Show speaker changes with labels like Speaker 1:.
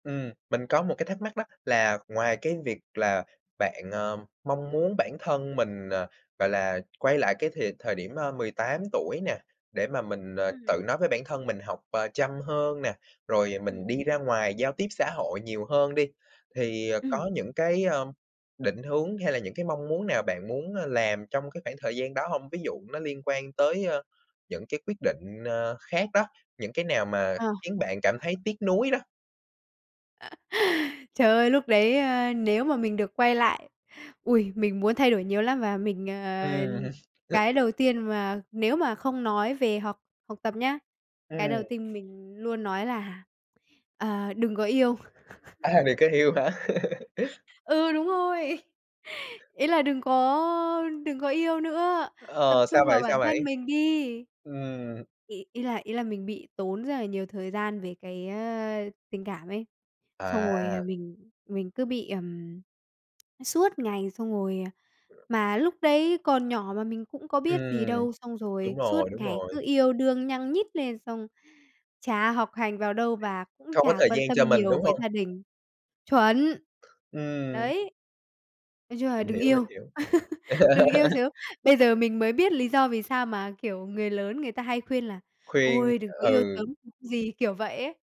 Speaker 1: Ừm, mình có một cái thắc mắc đó là ngoài cái việc là bạn, ờ, mong muốn bản thân mình, ờ, gọi là, quay lại cái thìa thời điểm, a, 18 tuổi nè, để mà mình, ờ,
Speaker 2: Ừm.
Speaker 1: tự nói với bản thân mình học, à, chăm hơn nè, rồi
Speaker 2: Ừm
Speaker 1: mình đi ra
Speaker 2: [unintelligible]
Speaker 1: ngoài giao tiếp xã hội nhiều hơn đi. Thì, à,
Speaker 2: Ừm.
Speaker 1: có những cái, a, định hướng hay là những cái mong muốn nào bạn muốn, ơ, làm trong cái khoảng thời gian đó hông? Ví dụ nó liên quan tới, a, những cái quyết định, ờ, khác đó, những cái nào mà
Speaker 2: Ờ [unintelligible]
Speaker 1: khiến bạn cảm thấy tiếc nuối đó?
Speaker 2: Trời ơi, lúc đấy, a, nếu mà mình được quay lại, ui, mình muốn thay đổi nhiều lắm và mình, ờ
Speaker 1: Ừm.
Speaker 2: cái đầu tiên mà nếu mà không nói về học học tập nhá, cái
Speaker 1: Ừm.
Speaker 2: đầu tiên mình luôn nói là, à, đừng có yêu.
Speaker 1: À, đừng có yêu hả?
Speaker 2: Ừ, đúng rồi! Ý là đừng có đừng có yêu nữa, tập
Speaker 1: Ờ, sao
Speaker 2: trung vào
Speaker 1: vậy? Sao
Speaker 2: bản
Speaker 1: vậy?
Speaker 2: thân mình đi!
Speaker 1: Ừm.
Speaker 2: Ý ý là ý là mình bị tốn rất là nhiều thời gian về cái á tình cảm ấy, xong rồi, à,
Speaker 1: À.
Speaker 2: mình mình cứ bị, ừm, suốt ngày xong rồi, à mà lúc đấy còn nhỏ mà mình cũng có biết gì
Speaker 1: Ừm.
Speaker 2: đâu. Xong rồi
Speaker 1: Đúng
Speaker 2: suốt
Speaker 1: rồi, đúng
Speaker 2: ngày
Speaker 1: rồi.
Speaker 2: cứ yêu đương nhăng nhít lên xong chả học hành vào đâu, và cũng
Speaker 1: Không có
Speaker 2: chả
Speaker 1: thời
Speaker 2: quan
Speaker 1: gian
Speaker 2: tâm
Speaker 1: cho mình,
Speaker 2: nhiều
Speaker 1: đúng
Speaker 2: với
Speaker 1: hông?
Speaker 2: gia đình. Chuẩn!
Speaker 1: Ừm.
Speaker 2: Đấy. Nói chung là
Speaker 1: Mình
Speaker 2: đừng
Speaker 1: hiểu, mình
Speaker 2: yêu.
Speaker 1: hiểu.
Speaker 2: Đừng yêu sớm. Bây giờ mình mới biết lý do vì sao mà, kiểu, người lớn người ta hay khuyên là
Speaker 1: Khuyên,
Speaker 2: "Ôi, đừng có yêu
Speaker 1: ừ.
Speaker 2: sớm [unintelligible] gì", kiểu vậy ấy.